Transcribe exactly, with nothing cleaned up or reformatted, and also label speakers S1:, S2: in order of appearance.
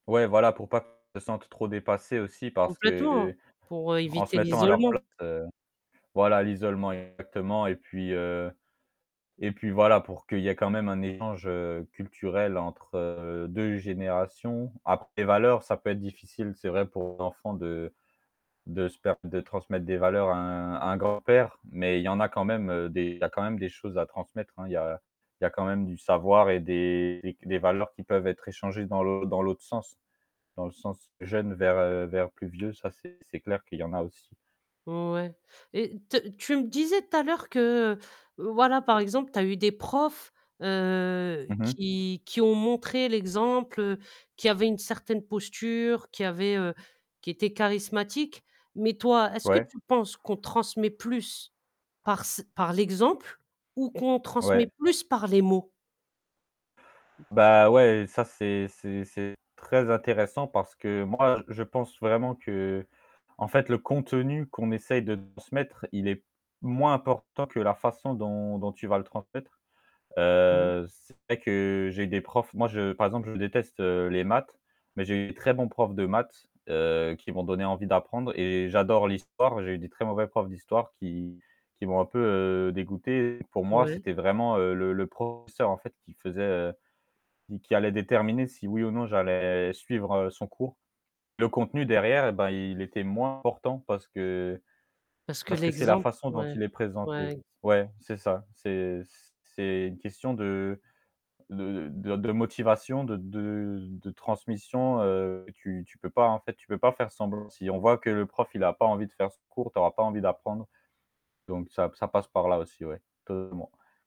S1: Ouais voilà, pour pas qu'ils se sentent trop dépassés aussi parce
S2: Complètement
S1: que
S2: pour
S1: en se
S2: éviter
S1: mettant à leur
S2: l'isolement.
S1: place, voilà, l'isolement exactement et puis heu et puis voilà pour qu'il y ait quand même un échange culturel entre deux générations. Après les valeurs, ça peut être difficile, c'est vrai pour l'enfant de de se de transmettre des valeurs à un à un grand-père, mais il y en a quand même des il y quand même des choses à transmettre hein, il y a il y a quand même du savoir et des des valeurs qui peuvent être échangées dans l'autre dans l'autre sens, dans le sens jeune vers vers plus vieux, ça c'est c'est clair qu'il y en a aussi.
S2: Ouais et te tu tu me disais tout à l'heure que voilà, par exemple, tu as eu des profs, heu,
S1: Mmh mh.
S2: qui qui ont montré l'exemple, qui avaient une certaine posture, qui avaient heu, qui étaient charismatiques. Mais toi, est-ce que
S1: Ouais.
S2: tu penses qu'on transmet plus parce par l'exemple ou qu'on transmet
S1: Ouais.
S2: plus par les mots?
S1: Bah ouais, ça c'est c'est c'est très intéressant parce que moi je pense vraiment qu'en fait le contenu qu'on essaye de transmettre, il est moins important que la façon dont dont tu vas le transmettre.
S2: Bon.
S1: Heu, c'est vrai que j'ai des profs, moi je par exemple je déteste, heu, les maths, mais j'ai eu de très bons profs de maths, heu, qui m'ont donné envie d'apprendre et j'adore l'histoire, j'ai eu de très mauvais profs d'histoire qui qui m'ont un peu dégoûté. Pour moi,
S2: Ouais.
S1: c'était vraiment le le professeur en fait qui faisait, qui allait déterminer si oui ou non j'allais suivre, heu, son cours. Le contenu derrière, eh bien il était moins important parce que
S2: Parce que
S1: parce que c'est la
S2: l'exemple
S1: façon dont
S2: ouais,
S1: il est
S2: ouais
S1: présenté.
S2: ex
S1: Ouais, c'est ça, c'est c'est une question de de de motivation, de de de transmission, heu, tu tu peux pas en fait, tu peux pas faire semblant. Si on voit que le prof, il n'a pas envie de faire ce cours, tu n'auras pas envie d'apprendre. Donc ça, ça passe par là aussi, ouais. [unintelligible]